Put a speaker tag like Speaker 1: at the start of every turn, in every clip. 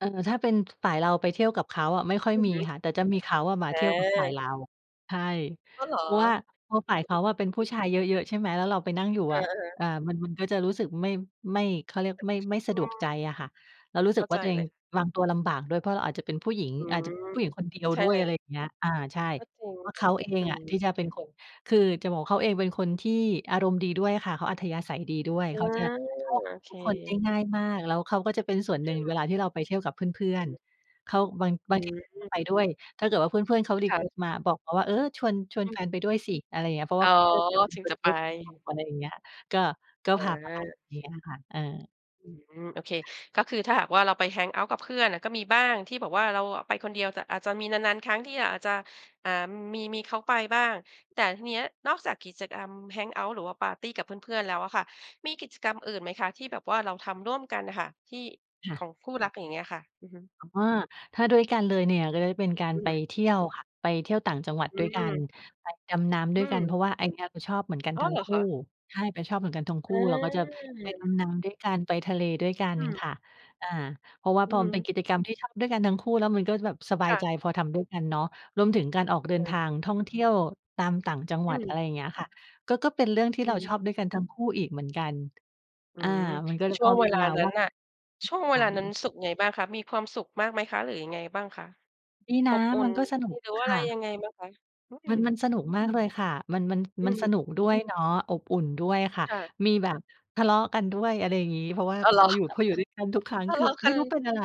Speaker 1: เอ่อ ถ้าเป็นฝ่ายเราไปเที่ยวกับเขาอะ ไม่ค่อย
Speaker 2: อือ
Speaker 1: มี
Speaker 2: ฮึ
Speaker 1: ค่ะ แต่จะมีเขาอะมา
Speaker 2: อ
Speaker 1: เที่ยวกับฝ่าย
Speaker 2: า
Speaker 1: เรา ใช่
Speaker 2: อ้าวเหร
Speaker 1: เ
Speaker 2: อ?
Speaker 1: พราะว่า เพราะฝ่าย
Speaker 2: อ
Speaker 1: เข
Speaker 2: ื
Speaker 1: า
Speaker 2: อ
Speaker 1: อะเป
Speaker 2: ๆ
Speaker 1: ็
Speaker 2: อ
Speaker 1: น
Speaker 2: ือ
Speaker 1: ผู
Speaker 2: ฮ
Speaker 1: ้
Speaker 2: ึ
Speaker 1: ชายเยอะ ๆ ใช่ไหม แล้วเราไปนั่งอยู่
Speaker 2: เอ
Speaker 1: อะ
Speaker 2: อ ๆ
Speaker 1: เอ่อ มัน มันก็จะรู้สึกไม่ ไม่ เขาเรียกไม่ ไม่ส
Speaker 2: อ
Speaker 1: ะ
Speaker 2: ื
Speaker 1: ดวก
Speaker 2: อ
Speaker 1: ใจอะค่ะ เรารู้ส
Speaker 2: เข
Speaker 1: ึ
Speaker 2: ้า
Speaker 1: กว
Speaker 2: ใ
Speaker 1: ่
Speaker 2: จ
Speaker 1: าตัวเอ
Speaker 2: เล
Speaker 1: ง
Speaker 2: ย
Speaker 1: วางตัวลำบากด้วย เพราะเราอาจจะเป็นผู้หญิง
Speaker 2: อื
Speaker 1: อาจ
Speaker 2: ม
Speaker 1: จะผู้หญิงคนเดียว
Speaker 2: ใช่
Speaker 1: ด้ว
Speaker 2: เ
Speaker 1: ย
Speaker 2: ล
Speaker 1: อะไร
Speaker 2: ย
Speaker 1: อย่างเงี้ย อ่า ใช่
Speaker 2: ก็จริง
Speaker 1: เพราะ
Speaker 2: ค่
Speaker 1: เข
Speaker 2: ะ
Speaker 1: าเอ
Speaker 2: อ
Speaker 1: ง
Speaker 2: ื
Speaker 1: อะ ที
Speaker 2: ม
Speaker 1: ่จะเป็นคน คือจะบอกว่าเขาเองเป็นคนที่อารมณ์ดีด้วยค่ะ เขาอัธยาศัยดีด้วย
Speaker 2: อา
Speaker 1: เขาจะเข้า
Speaker 2: โอ
Speaker 1: กับ
Speaker 2: เ
Speaker 1: ทุกคนได้
Speaker 2: ค
Speaker 1: ง่ายมาก แล้วเขาก็จะเป็นส่วน
Speaker 2: ด
Speaker 1: หนึ
Speaker 2: ื
Speaker 1: ่
Speaker 2: ้อ
Speaker 1: ง
Speaker 2: ย
Speaker 1: เว
Speaker 2: า
Speaker 1: ลาที่เราไปเที่ยวกับเพื่
Speaker 2: ไร
Speaker 1: อน
Speaker 2: งี้
Speaker 1: ๆ เขาบาง
Speaker 2: อ
Speaker 1: บ
Speaker 2: ื
Speaker 1: างทีเขาก็
Speaker 2: ม
Speaker 1: ไปด้วย ถ้าเกิดว่าเพื่อน ๆ เขา รี
Speaker 2: ค่
Speaker 1: เคว
Speaker 2: ะ
Speaker 1: สต์ มา บอกเขาว่า เออ ชวน ชว
Speaker 2: อ
Speaker 1: นแ
Speaker 2: ือ
Speaker 1: ฟนไปด้วยสิ อะไรอย่างเงี้ย เพราะ
Speaker 2: อ
Speaker 1: ว
Speaker 2: ๋
Speaker 1: ่
Speaker 2: อ
Speaker 1: า
Speaker 2: ถึงจะไป
Speaker 1: [unintelligible] อะไรอย่างเงี้ย ก็ ก็
Speaker 2: เอ
Speaker 1: พ
Speaker 2: อ
Speaker 1: าไป
Speaker 2: โอเ
Speaker 1: งี้
Speaker 2: ค
Speaker 1: ค่ะ เออ
Speaker 2: อืม โอเค ก็คือถ้าหากว่าเราไป แฮงเอาต์ กับเพื่อนอะ ก็มีบ้างที่แบบว่าเราอะไปคนเดียว แต่อาจจะมีนาน ๆ ครั้ง ที่ อา อาจจะ อ่า มี มีเขาไปบ้าง แต่ทีเนี้ย นอกจากกิจกรรม แฮงเอาต์ หรือว่าปาร์ตีกับเพื่อน ๆ แล้วอะค่ะ มีกิจกรรมอื่นไหมคะ ที่แบบว่าเราทำร่วมกันอะค่ะ ที่
Speaker 1: ค่
Speaker 2: ข
Speaker 1: ะ
Speaker 2: องคู่รัก อย่างเงี้ยอะค่ะ? อือฮึ
Speaker 1: แต่ว่า ถ้าด้วยกันเลยเนี่ย ก็เป็นการ
Speaker 2: อือ
Speaker 1: ไป
Speaker 2: ฮึ
Speaker 1: เที่ยวค่ะ ไปเที่ยวต่างจังหวัด
Speaker 2: อื
Speaker 1: ด้วยกัน
Speaker 2: ม
Speaker 1: ไปดำน้ำด
Speaker 2: อ
Speaker 1: ้
Speaker 2: ื
Speaker 1: วยกัน
Speaker 2: ม
Speaker 1: เพราะว่าไอ้เนี่ยก็ชอบเหมือนกัน
Speaker 2: อ้า
Speaker 1: ทั
Speaker 2: ว
Speaker 1: ้
Speaker 2: เ
Speaker 1: ง
Speaker 2: หร
Speaker 1: ค
Speaker 2: อ
Speaker 1: ู
Speaker 2: ค
Speaker 1: ่
Speaker 2: ะ?
Speaker 1: ใช่ จะชอบเหมือนกันทั้งคู
Speaker 2: อ
Speaker 1: ่
Speaker 2: า
Speaker 1: เราก็จะไปดำน้ำด้วยกัน ไปทะเลด้วยกัน
Speaker 2: อืม
Speaker 1: ค่ะ อ่า เพราะว่า
Speaker 2: อื
Speaker 1: พ
Speaker 2: อ
Speaker 1: อ
Speaker 2: ฮ
Speaker 1: มันเป็น
Speaker 2: ึ
Speaker 1: กิจกรรมที่ทำด้วยกันทั้งคู่ แล้วมันก็จะแบบสบ
Speaker 2: ค
Speaker 1: าย
Speaker 2: ่ะ
Speaker 1: ใจ พอทำด้วยกันเนาะ รวมถึงการออกเดิ
Speaker 2: เ
Speaker 1: นท
Speaker 2: ออ
Speaker 1: างท่องเที่ยวตามต่างจังห
Speaker 2: อ
Speaker 1: วั
Speaker 2: ื
Speaker 1: ด อะไ
Speaker 2: ม
Speaker 1: รอย่างเงี้ยค่ะ ก็ ก็เป็นเรื่องที
Speaker 2: อ
Speaker 1: ่
Speaker 2: ื
Speaker 1: เรา
Speaker 2: ม
Speaker 1: ชอบด้วยกันทั้งคู่อีกเหมือนกัน
Speaker 2: อื
Speaker 1: อ่า
Speaker 2: ม
Speaker 1: มันก็เลย
Speaker 2: ช่
Speaker 1: พ
Speaker 2: ว
Speaker 1: อ
Speaker 2: ง
Speaker 1: ม
Speaker 2: เว
Speaker 1: ีเว
Speaker 2: ลา
Speaker 1: ลา
Speaker 2: นั้
Speaker 1: ว่า
Speaker 2: นน่ะ ช่วงเ
Speaker 1: ไ
Speaker 2: วลานั้น
Speaker 1: ป
Speaker 2: สุขไงบ้างคะ มีความสุขมากไหมคะ หรือยังไงบ้างคะ
Speaker 1: ดีน
Speaker 2: อ
Speaker 1: ะ
Speaker 2: บอุ่
Speaker 1: มั
Speaker 2: น
Speaker 1: นก็สนุก
Speaker 2: หรือว่า
Speaker 1: ค
Speaker 2: อะไ
Speaker 1: ่
Speaker 2: ร
Speaker 1: ะ
Speaker 2: ยังไงบ้างคะ? อืม
Speaker 1: มัน มันสนุกมากเลยค่ะ มัน มัน
Speaker 2: อ
Speaker 1: มั
Speaker 2: ื
Speaker 1: นส
Speaker 2: ม
Speaker 1: นุกด้วยเนาะ อบอุ่นด้วยค่ะ
Speaker 2: ค่ะ
Speaker 1: มีแบบทะเลาะกันด้วย อะไรอย่างงี้ เพราะว่า
Speaker 2: อ้าว เหร
Speaker 1: พอ
Speaker 2: อ?
Speaker 1: อยู่ พออยู่ด้วยกันทุกครั้ง
Speaker 2: ทะ
Speaker 1: ค
Speaker 2: เ
Speaker 1: ื
Speaker 2: ล
Speaker 1: อ
Speaker 2: าะก
Speaker 1: ไม
Speaker 2: ั
Speaker 1: ่รู้เ
Speaker 2: น
Speaker 1: ป็นอะไร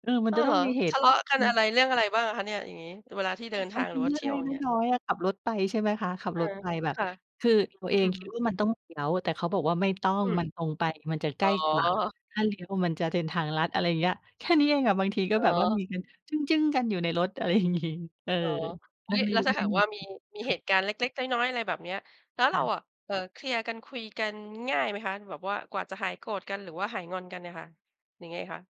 Speaker 1: เออ มั
Speaker 2: อ
Speaker 1: น
Speaker 2: ้า
Speaker 1: จะ
Speaker 2: วเ
Speaker 1: ต้อ
Speaker 2: หร
Speaker 1: ง
Speaker 2: อ
Speaker 1: มีเห
Speaker 2: ท
Speaker 1: ตุ
Speaker 2: ะเลาะกั
Speaker 1: อ
Speaker 2: น
Speaker 1: ื
Speaker 2: อ
Speaker 1: อ
Speaker 2: ะไร เรื่องอะไรบ้างอะคะเนี่ย? อย่างงี้ เวลาที่เดินท
Speaker 1: มั
Speaker 2: า
Speaker 1: น
Speaker 2: ง
Speaker 1: เป
Speaker 2: ห
Speaker 1: ็
Speaker 2: รื
Speaker 1: น
Speaker 2: อว
Speaker 1: เ
Speaker 2: ่
Speaker 1: ร
Speaker 2: า
Speaker 1: ื่อ
Speaker 2: เท
Speaker 1: ง
Speaker 2: ี่ย
Speaker 1: เ
Speaker 2: ว
Speaker 1: ล
Speaker 2: อย่าง
Speaker 1: ็
Speaker 2: เงี
Speaker 1: ก
Speaker 2: ้ย
Speaker 1: ๆ น้อย ๆ อะ ขับรถไป ใช่ไหมคะ ขับ
Speaker 2: เอ
Speaker 1: ร
Speaker 2: อ
Speaker 1: ถไปแบบ
Speaker 2: ค่ะ
Speaker 1: คือตัว
Speaker 2: อ
Speaker 1: เ
Speaker 2: ื
Speaker 1: องคิด
Speaker 2: ม
Speaker 1: ว่ามันต้องเลี้ยว แต่เขาบอกว่าไม่ต้อ
Speaker 2: อ
Speaker 1: ง
Speaker 2: ืม
Speaker 1: มันตรงไป มันจะใ
Speaker 2: อ
Speaker 1: ก
Speaker 2: ๋
Speaker 1: ล
Speaker 2: อ
Speaker 1: ้กว่า ถ้าเลี้ยวมันจะเดินทางลัด อะไรอย่างเงี้ย แค่นี้เองอะ บางทีก็
Speaker 2: อ๋
Speaker 1: แบบว่าม
Speaker 2: อ
Speaker 1: ีกันจึ้ง ๆ กันอยู่ในรถ อะไร อย่างงี้ เออ
Speaker 2: อ๋อ อุ
Speaker 1: น
Speaker 2: ๊
Speaker 1: ั่
Speaker 2: ย
Speaker 1: งน
Speaker 2: แ
Speaker 1: ิ
Speaker 2: ล้วถ้าห
Speaker 1: ่
Speaker 2: าก
Speaker 1: ง
Speaker 2: ว่า
Speaker 1: ๆ ไหม
Speaker 2: มี มี
Speaker 1: ค
Speaker 2: เ
Speaker 1: ่
Speaker 2: ห
Speaker 1: ะ
Speaker 2: ตุการณ์เล็ก ๆ น้อย ๆ อะไรแบบเนี้ย แล้ว
Speaker 1: ค
Speaker 2: เร
Speaker 1: ่
Speaker 2: า
Speaker 1: ะ
Speaker 2: อะ เอ่อ เคลียร์กัน คุยกันง่ายไหมคะ? แบบว่ากว่าจะหายโกรธกัน หรือว่าหายงอนกันเนี่ยค่ะ ยังไงคะ?